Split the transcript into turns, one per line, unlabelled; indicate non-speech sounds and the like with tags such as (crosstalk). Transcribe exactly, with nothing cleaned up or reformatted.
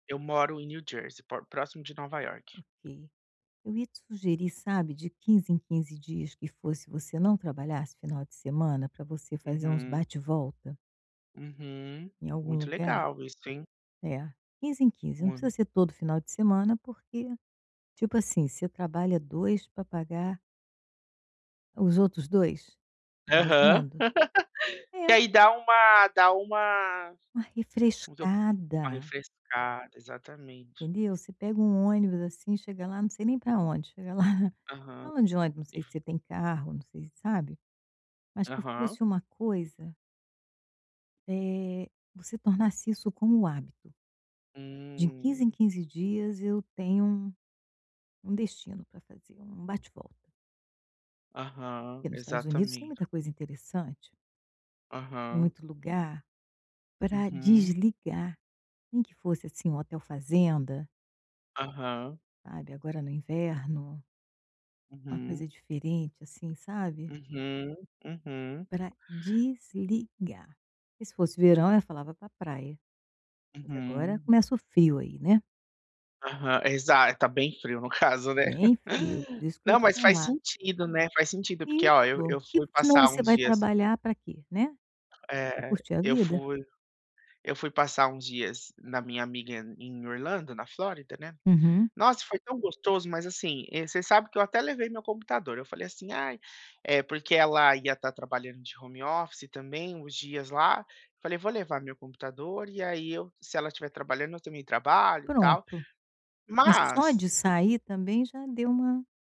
Eu moro em New Jersey, po próximo de Nova York.
Ok, eu ia te sugerir, sabe, de quinze em quinze dias que fosse, você não trabalhasse final de semana pra você fazer uns
Uhum.
bate-volta
Uhum,
em algum
muito
lugar.
legal isso, hein.
É, quinze em quinze, não precisa
Hum.
ser todo final de semana, porque tipo assim, você trabalha dois pra pagar os outros dois.
Aham,
Imaginando.
(laughs) que
É.
aí dá uma dá uma
Uma
(unintelligible) uma
refrescada.
refrescada, exatamente.
Entendeu? Você pega um ônibus, assim, chega lá, não sei nem pra onde, chega lá (chuckles)
Aham,
falando de onde, não
e
sei se
v
você tem carro, não sei sabe, mas que
Aham.
fosse uma coisa eh, você tornasse isso como um hábito. De quinze em
Hum.
quinze dias eu tenho um destino pra fazer, um
Hum.
bate-volta.
Aham,
Porque nos Estados Unidos tem
exatamente.
muita coisa interessante. E
Aham.
muito lugar pra
Uhum.
desligar, nem que fosse, assim, um hotel fazenda.
Aham.
Sabe, agora no inverno. Uma coisa
Uhum.
diferente, assim, sabe.
Uhum, uhum.
Pra desligar, que se fosse verão eu falava pra praia, mas agora
Uhum.
começa o frio aí, né.
Aham, exa tá bem frio no caso, né.
Bem frio, por
(laughs)
isso que eu
Não,
te
mas faz
falar
sentido, né, faz sentido, porque
Isso,
ó, eu eu
porque
fui
senão
passar
você
uns
vai
dias
trabalhar pra quê, né? Pra
É.
curtir a
Eu
vida.
fui eu fui passar uns dias na minha amiga em Orlando, na Flórida, né.
Uhum.
Nossa, foi tão gostoso, mas, assim, eh, você sabe que eu até levei meu computador, eu falei assim: "Ai" eh, porque ela ia estar trabalhando de home office também uns dias lá, falei: "Vou levar meu computador e aí eu se ela estiver trabalhando, eu também trabalho e tal",
Pronto, mas só de
mas
sair também já deu uma